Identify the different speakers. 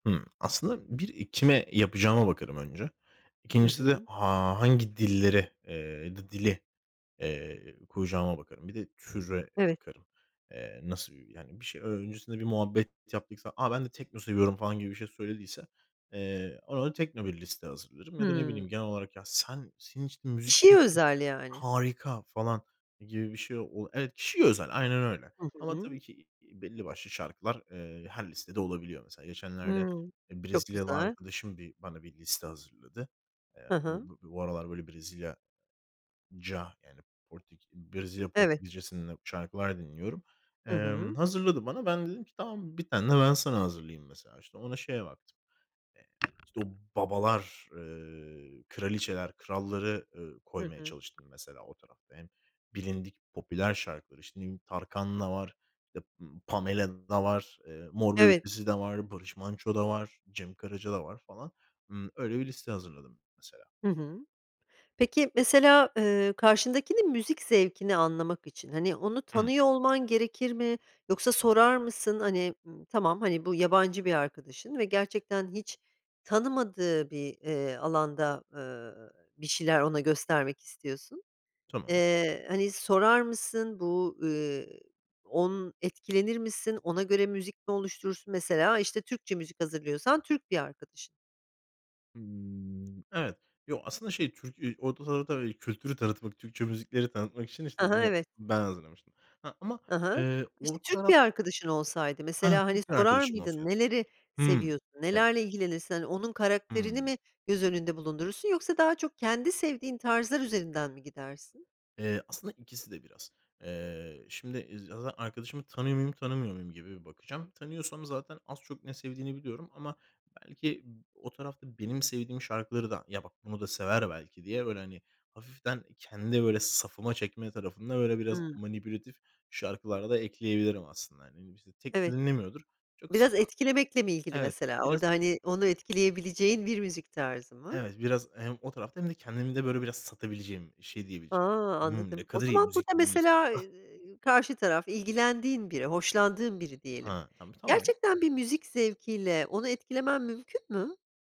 Speaker 1: Hımm, aslında 1, iii, kime yapacağıma bakarım önce.
Speaker 2: Hı
Speaker 1: 2.'si de
Speaker 2: hı.
Speaker 1: ha hangi dilleri, eee, ya da dili, eee, koyacağıma bakarım. Bir de türe
Speaker 2: Evet.
Speaker 1: bakarım. Eee, nasıl yani bir şey öncesinde bir muhabbet yaptıksa, "A! Ben de tekno seviyorum." falan gibi bir şey söylediyse, eee, ona datekno bir liste hazırlarım ya da ne bileyim
Speaker 2: Hımm.
Speaker 1: genel olarak "Ya sen, senin için müzik
Speaker 2: Kişiye özel
Speaker 1: [unintelligible]
Speaker 2: yani.
Speaker 1: harika." falan gibi bir şey ol evet, kişiye özel, aynen öyle
Speaker 2: Hı
Speaker 1: ama
Speaker 2: hı.
Speaker 1: tabii ki, iii, belli başlı şarkılar, eee, her listede olabiliyor mesela. Geçenlerde,
Speaker 2: Hımm.
Speaker 1: eee,
Speaker 2: Çok
Speaker 1: Brezilyalı
Speaker 2: güzel.
Speaker 1: arkadaşım bir bana bir liste hazırladı. Eee,
Speaker 2: Hı
Speaker 1: bu
Speaker 2: hı.
Speaker 1: bu bu aralar böyle Brezilyaca, yani Porteki Brezilya
Speaker 2: Eve
Speaker 1: Portekizcesinde şarkılar dinliyorum.
Speaker 2: Hı hı.
Speaker 1: Emm, hazırladı bana. Ben de dedim ki tamam 1 tane de ben sana hazırlayayım mesela. Ona şeye baktım, eee, işte, o babalar, eee kraliçeler, kralları, ııı,
Speaker 2: Hı
Speaker 1: koymaya
Speaker 2: hı.
Speaker 1: çalıştım mesela o tarafta. Hem, bilindik popüler şarkıları. İşte ne bileyim Tarkan da var, işte, ımm, Pamela da var, eee, Mor ve
Speaker 2: Evet.
Speaker 1: Ötesi de var, Barış Manço da var, Cem Karaca da var falan. Imm, öyle bir liste hazırladım mesela.
Speaker 2: Hı hı. Peki mesela, ııı, karşındakinin müzik zevkini anlamak için, hani, onu
Speaker 1: Hımm.
Speaker 2: tanıyor olman gerekir mi, yoksa sorar mısın, hani, hımm, tamam, hani, bu yabancı bir arkadaşın ve gerçekten hiç tanımadığı bir, eee, alanda, ııı, bir şeyler ona göstermek istiyorsun.
Speaker 1: Tamam.
Speaker 2: Eee, hani, sorar mısın bu, ııı, on etkilenir misin? Ona göre müzik mi oluşturursun? Mesela işte Türkçe müzik hazırlıyorsan, Türk bir arkadaşın.
Speaker 1: Imm, evet, yo aslında şey, Türk, üüü, [unintelligible] kültürü tanıtmak, Türkçe müzikleri tanıtmak için işte
Speaker 2: Hı hı.
Speaker 1: yine
Speaker 2: Evet.
Speaker 1: ben hazırlamıştım. Ha ama,
Speaker 2: Hı hı.
Speaker 1: eee,
Speaker 2: İşte
Speaker 1: o
Speaker 2: Türk bir
Speaker 1: taraf
Speaker 2: arkadaşın olsaydı
Speaker 1: Ah,
Speaker 2: mesela, hani,
Speaker 1: Türk
Speaker 2: sorar
Speaker 1: arkadaşım
Speaker 2: mıydın:
Speaker 1: olsaydı.
Speaker 2: "Neleri
Speaker 1: Hımm.
Speaker 2: seviyorsun,
Speaker 1: Eee
Speaker 2: nelerle ilgilenirsin?" hani onun karakterini
Speaker 1: Hımm.
Speaker 2: mi göz önünde bulundurursun yoksa daha çok kendi sevdiğin tarzlar üzerinden mi gidersin?
Speaker 1: Eee, aslında ikisi de biraz. Eee, şimdi, eee, zaten arkadaşımı tanıyor muyum tanımıyor muyum gibi bakacağım. Tanıyorsam zaten az çok ne sevdiğini biliyorum ama belki b o tarafta benim sevdiğim şarkıları da ya bak bunu da sever belki diye böyle, hani, hafiften kendi böyle safıma çekme tarafında böyle biraz
Speaker 2: Hı.
Speaker 1: manipülatif şarkılar da ekleyebilirim aslında. Hani, ne bileyim işte tekno
Speaker 2: Evet.
Speaker 1: dinlemiyordur. Çok
Speaker 2: Biraz etkilemekle mi
Speaker 1: [unintelligible]
Speaker 2: ilgili
Speaker 1: evet,
Speaker 2: mesela?
Speaker 1: biraz.
Speaker 2: Orada, hani, onu etkileyebileceğin bir müzik tarzı mı?
Speaker 1: Evet, biraz hem o tarafta, hem de kendimi de böyle biraz satabileceğim, şey
Speaker 2: A!
Speaker 1: diyebileceğim: "Hımm, ne
Speaker 2: Anladım, o
Speaker 1: kadar iyi
Speaker 2: zaman burada
Speaker 1: müzik dinliyorsun."
Speaker 2: mesela, eee, karşı taraf ilgilendiğin biri, hoşlandığın biri diyelim,
Speaker 1: Ha, tam tamam.
Speaker 2: gerçekten bir müzik zevkiyle onu etkilemen mümkün mü?